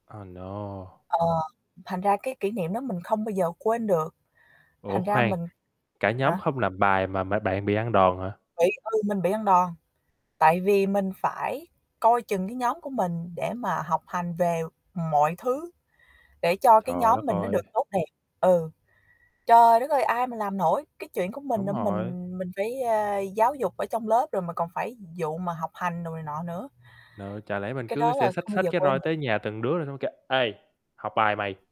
À, no. Ờ, thành ra cái kỷ niệm đó mình không bao giờ quên được. Ủa Thành ra khoan, mình cả nhóm hả? không làm bài mà mà bạn bị ăn đòn hả? Bị ừ, mình bị ăn đòn, tại vì mình phải coi chừng cái nhóm của mình để mà học hành về mọi thứ, để cho cái Trời nhóm đất mình nó ơi. được tốt đẹp. Ừ. Trời đất ơi, ai mà làm nổi. Cái chuyện của mình Đúng mà rồi. mình mình phải, ờ, giáo dục ở trong lớp rồi mà còn phải vụ mà học hành đồ này nọ nữa. Nợ, chả lẽ mình Cái cứ đó sẽ là xách không bao xách giờ cái quên roi được. tới nhà từng đứa rồi nó mới kêu: "Ê, học bài mày!"